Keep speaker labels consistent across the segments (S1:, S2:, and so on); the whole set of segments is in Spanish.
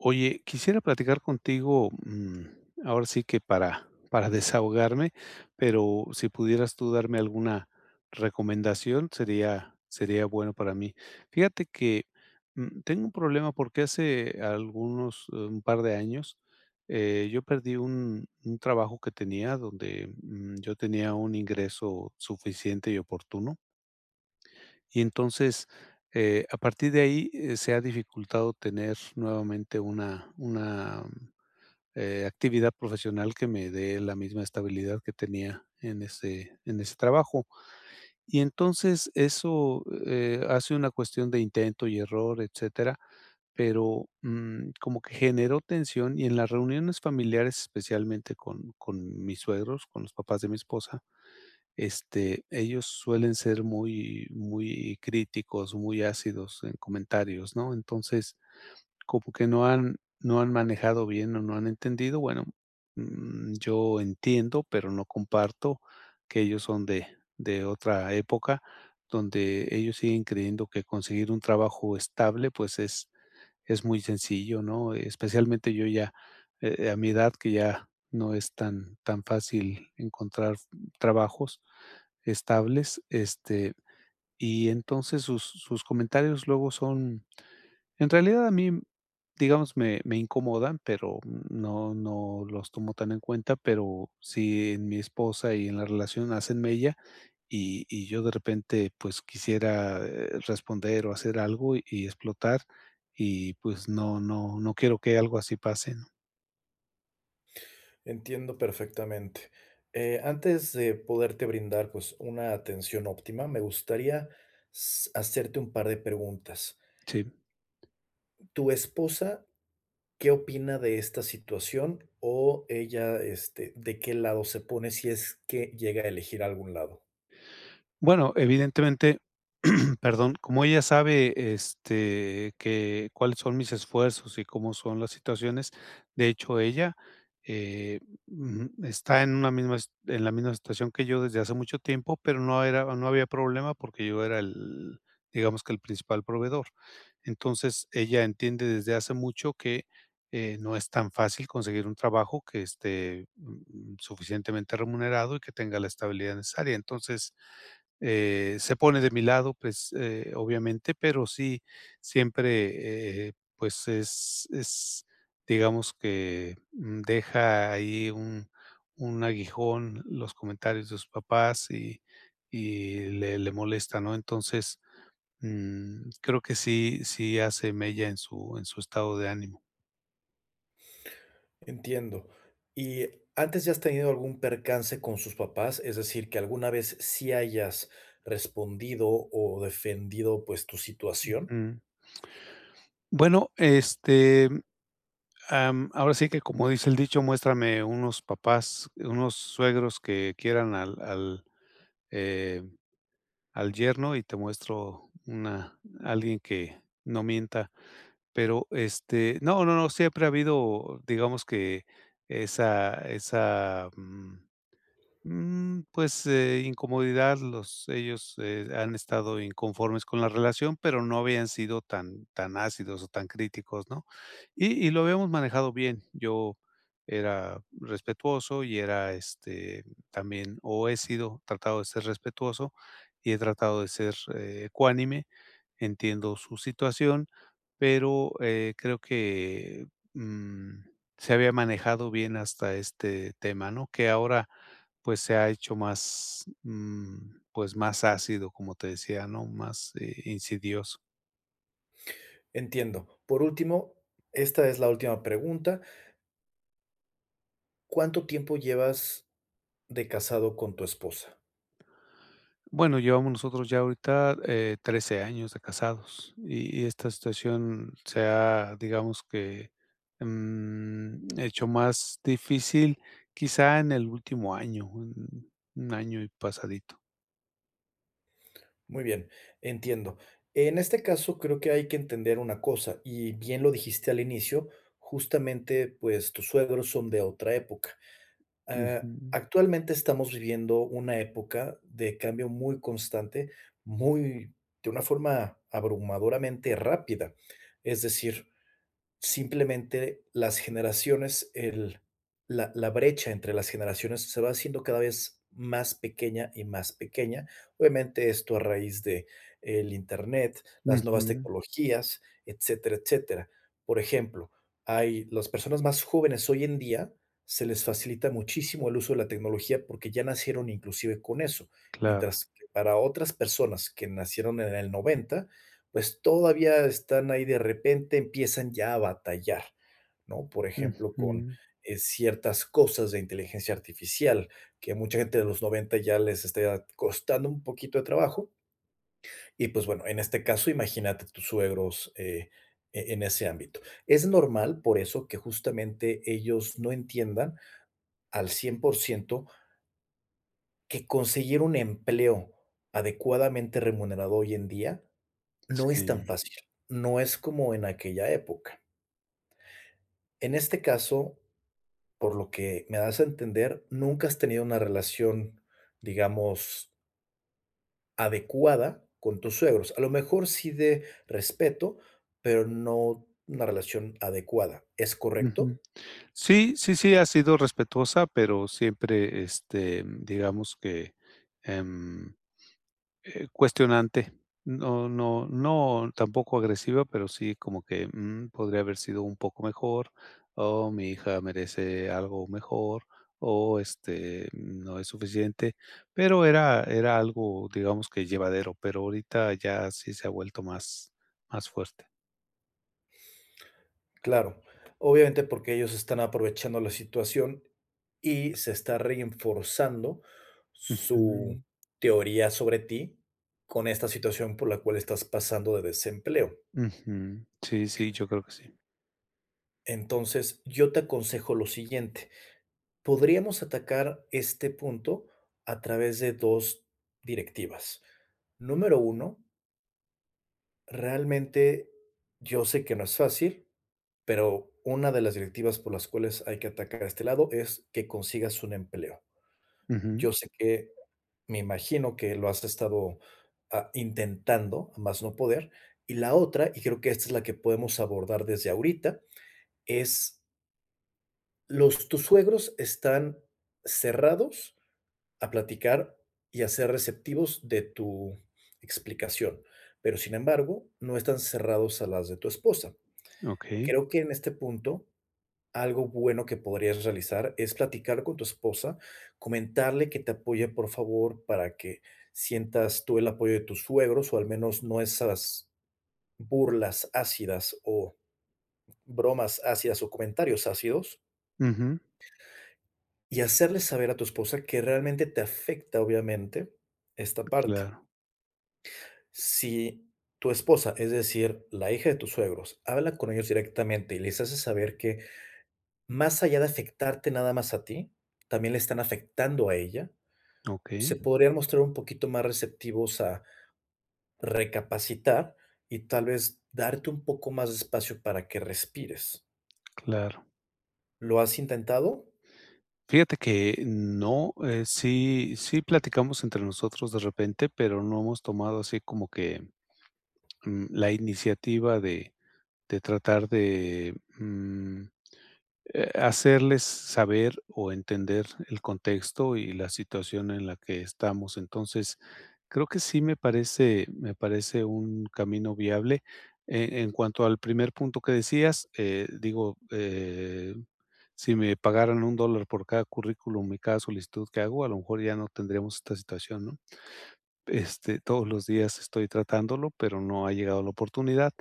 S1: Oye, quisiera platicar contigo, mm, ahora sí que para para desahogarme, pero si pudieras tú darme alguna recomendación, sería sería bueno para mí. Fíjate que, mm, tengo un problema porque hace algunos, eh, un par de años, eh, yo perdí un un trabajo que tenía, donde yo tenía un ingreso suficiente y oportuno. Y entonces, eh, a partir de ahí se ha dificultado tener nuevamente una una, eh, actividad profesional que me dé la misma estabilidad que tenía en ese en ese trabajo. Y entonces eso, eh, hace una cuestión de intento y error, etcétera, pero, mm, como que generó tensión, y en las reuniones familiares, especialmente con con mis suegros, con los papás de mi esposa, este, ellos suelen ser muy, muy críticos, muy ácidos en comentarios, ¿no? Entonces, como que no han no han manejado bien o no han entendido, bueno, mm, yo entiendo, pero no comparto que ellos son de de otra época, donde ellos siguen creyendo que conseguir un trabajo estable, pues, es es muy sencillo, ¿no? Especialmente yo ya, eh, a mi edad, que ya no es tan tan fácil encontrar trabajos estables, este, y entonces sus sus comentarios luego son en realidad a mí, digamos, me me incomodan, pero no no los tomo tan en cuenta, pero sí en mi esposa y en la relación hacen mella, y y yo de repente, pues, quisiera responder o hacer algo y explotar, y pues, no no no quiero que algo así pase ¿no?
S2: Entiendo perfectamente, eh, antes de poderte brindar, pues, una atención óptima, me gustaría s hacerte un par de preguntas.
S1: Sí.
S2: ¿Tu esposa qué opina de esta situación o ella, este, de qué lado se pone si es que llega a elegir algún lado?
S1: Bueno, evidentemente, perdón. Como ella sabe, este, que cuáles son mis esfuerzos y cómo son las situaciones, de hecho, ella, eh, ujú, está en una misma en la misma situación que yo desde hace mucho tiempo, pero no era no había problema porque yo era el, digamos que el principal proveedor. Entonces, ella entiende desde hace mucho que, eh, no es tan fácil conseguir un trabajo que esté, mm, suficientemente remunerado y que tenga la estabilidad necesaria. Entonces, eh, se pone de mi lado, pues, eh, obviamente, pero sí siempre, eh, pues, es es, digamos que deja ahí un un aguijón los comentarios de sus papás y y le le molesta, ¿no? Entonces, mm, creo que sí sí hace mella en su en su estado de ánimo.
S2: Entiendo. Y antes, ¿ya has tenido algún percance con sus papás, es decir, que alguna vez sí hayas respondido o defendido pues tu situación?
S1: Ujú. Bueno, este, am, ahora sí que, como dice el dicho: "Muéstrame unos papás, unos suegros que quieran al al eh, al yerno y te muestro una alguien que no mienta", pero, este, no, no, siempre ha habido, digamos que esa esa, mm, mm, pues, eh, incomodidad los ellos, eh, han estado inconformes con la relación, pero no habían sido tan tan ácidos o tan críticos, ¿no?, y y lo habíamos manejado bien. Yo era respetuoso y era, este, también, o he sido tratado de ser respetuoso y he tratado de ser ecuánime. Entiendo su situación, pero, eh, creo que, mm, se había manejado bien hasta este tema, ¿no?, que ahora, pues, se ha hecho más, mm, pues, más ácido, como te decía, ¿no?, más e insidioso.
S2: Entiendo. Por último, esta es la última pregunta. ¿Cuánto tiempo llevas de casado con tu esposa?
S1: Bueno, llevamos nosotros ya ahorita, eh, 13 años de casados, y y esta situación se ha, digamos que, mm, hecho más difícil, quizá en el último año, 1 año y pasadito.
S2: Muy bien, entiendo, en este caso, creo que hay que entender una cosa y bien lo dijiste al inicio, justamente, pues, tus suegros son de otra época, ah,
S1: Ujú.
S2: actualmente estamos viviendo 1 época de cambio muy constante, muy de una forma abrumadoramente rápida. Es decir, simplemente las generaciones, el la la brecha entre las generaciones se va haciendo cada vez más pequeña y más pequeña. Obviamente, esto a raíz de el Internet, las nuevas
S1: Ujú.
S2: tecnologías, etcétera, etcétera. Por ejemplo, hay las personas más jóvenes hoy en día, se les facilita muchísimo el uso de la tecnología porque ya nacieron inclusive con eso,
S1: Claro.
S2: mientras que para otras personas que nacieron en el 90, pues todavía están ahí de repente empiezan ya a batallar, ¿no? Por ejemplo, con,
S1: Ujú.
S2: eh, ciertas cosas de inteligencia artificial que mucha gente de los 90 ya les está costando un poquito de trabajo y, pues, bueno, en este caso imagínate tus suegros, eh, en ese ámbito. Es normal por eso que justamente ellos no entiendan al 100% que conseguir un empleo adecuadamente remunerado hoy en día no es tan
S1: Sí.
S2: fácil, no es como en aquella época. En este caso, por lo que me das a entender, nunca has tenido una relación, digamos adecuada con tus suegros, a lo mejor sí de respeto, pero no una relación adecuada, ¿es
S1: Ujú,
S2: correcto?
S1: sí, sí, sí ha sido respetuosa, pero siempre, este, digamos que, em, eh, cuestionante. No no no tampoco agresiva, pero sí como que, mm, podría haber sido un poco mejor, o mi hija merece algo mejor, o, este, no es suficiente, pero era era algo, digamos que llevadero, pero ahorita ya sí se ha vuelto más más fuerte.
S2: Claro, obviamente porque ellos están aprovechando la situación y se está reforzando su
S1: Ujú.
S2: teoría sobre ti con esta situación por la cual estás pasando de desempleo.
S1: Ujú. Sí, sí, yo creo que sí.
S2: Entonces, yo te aconsejo lo siguiente, podríamos atacar este punto a través de 2 directivas. Número 1 realmente yo sé que no es fácil, pero una de las directivas por las cuales hay que atacar a este lado es que consigas un empleo.
S1: Ujú.
S2: Yo sé que me imagino que lo has estado, ah, intentando a más no poder, y la otra, y creo que esta es la que podemos abordar desde ahorita, es los tus suegros están cerrados a platicar y a ser receptivos de tu explicación, pero, sin embargo, no están cerrados a las de tu esposa.
S1: Okey.
S2: Creo que, en este punto, algo bueno que podrías realizar es platicar con tu esposa, comentarle que te apoye, por favor, para que sientas tú el apoyo de tus suegros o al menos no esas burlas ácidas o bromas ácidas o comentarios ácidos
S1: Ujú.
S2: y hacerle saber a tu esposa que realmente te afecta, obviamente, esta parte.
S1: Claro.
S2: Si tu esposa, es decir, la hija de tus suegros, habla con ellos directamente y les hace saber que, más allá de afectarte nada más a ti, también le están afectando a ella, se
S1: Okey.
S2: podrían mostrar un poquito más receptivos a recapacitar y tal vez darte un poco más de espacio para que respires.
S1: Claro.
S2: ¿Lo has intentado?
S1: Fíjate que, no, eh, sí sí platicamos entre nosotros de repente, pero no hemos tomado así como que, mm, que la iniciativa de de tratar de, mm, eh, hacerles saber o entender el contexto y la situación en la que estamos. Entonces, creo que sí me parece me parece un camino viable, e en cuanto al primer punto que decías, eh, digo, eh, si me pagaran un dólar por cada currículum y cada solicitud que hago, a lo mejor ya no tendríamos esta situación, ¿no? Este, todos los días estoy tratándolo, pero no ha llegado la oportunidad.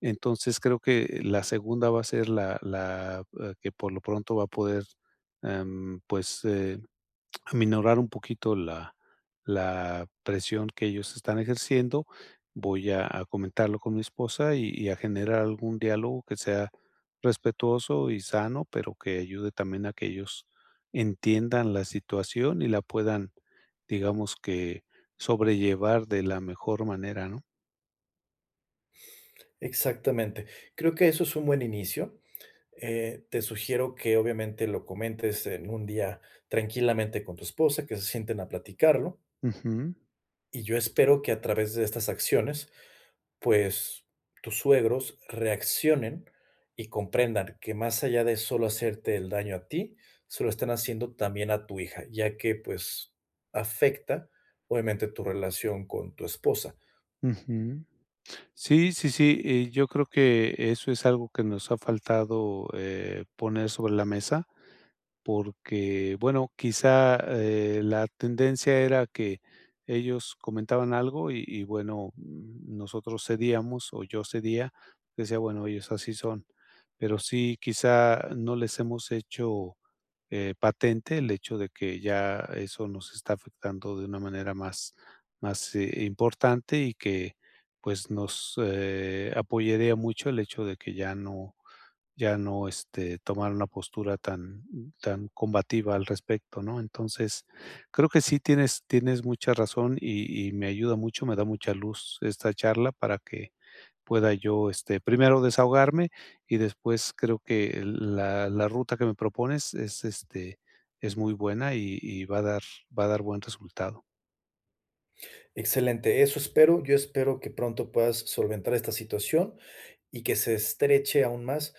S1: Entonces, creo que la segunda va a ser la la, eh, que por lo pronto va a poder, em, pues, eh, aminorar un poquito la la presión que ellos están ejerciendo. Voy a a comentarlo con mi esposa y y a generar algún diálogo que sea respetuoso y sano, pero que ayude también a que ellos entiendan la situación y la puedan, digamos que sobrellevar de la mejor manera, ¿no?
S2: Exactamente, creo que eso es un buen inicio. Eh, te sugiero que obviamente lo comentes en un día, tranquilamente con tu esposa, que se sienten a platicarlo-
S1: Ujú.
S2: y yo espero que a través de estas acciones, pues, tus suegros reaccionen y comprendan que más allá de solo hacerte el daño a ti, se lo están haciendo también a tu hija, ya que, pues, afecta obviamente tu relación con tu esposa.
S1: Ujú. Sí, sí, sí, eh, yo creo que eso es algo que, nos ha faltado, eh, poner sobre la mesa, porque, bueno, quizá, eh, la tendencia era que ellos comentaban algo y y, bueno, nosotros cedíamos o yo cedía, decía: "Bueno, ellos así son". Pero sí, quizá no les hemos hecho, eh, patente el hecho de que ya eso nos está afectando de una manera más más, eh, importante y que, pues, nos, eh, apoyaría mucho el hecho de que ya no ya no, este, tomar una postura tan tan combativa al respecto, ¿no? Entonces, creo que sí tienes tienes mucha razón y y me ayuda mucho, me da mucha luz esta charla para que pueda yo, este, primero desahogarme, y después creo que la la ruta que me propones es, este, es muy buena y y va a dar va a dar buen resultado.
S2: Excelente, eso espero, yo espero que pronto puedas solventar esta situación y que se estreche aún más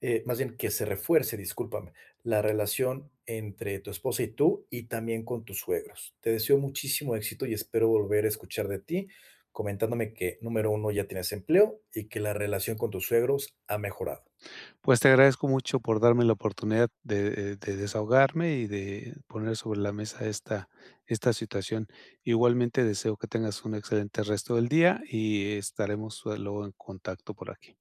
S2: eh, más bien que se refuerce, discúlpame, la relación entre tu esposa y tú, y también con tus suegros. Te deseo muchísimo éxito y espero volver a escuchar de ti comentándome que, número 1, ya tienes empleo y que la relación con tus suegros ha mejorado.
S1: Pues, te agradezco mucho por darme la oportunidad de, eh, de desahogarme y de poner sobre la mesa esta esta situación. Igualmente deseo que tengas un excelente resto del día y estaremos luego en contacto por aquí.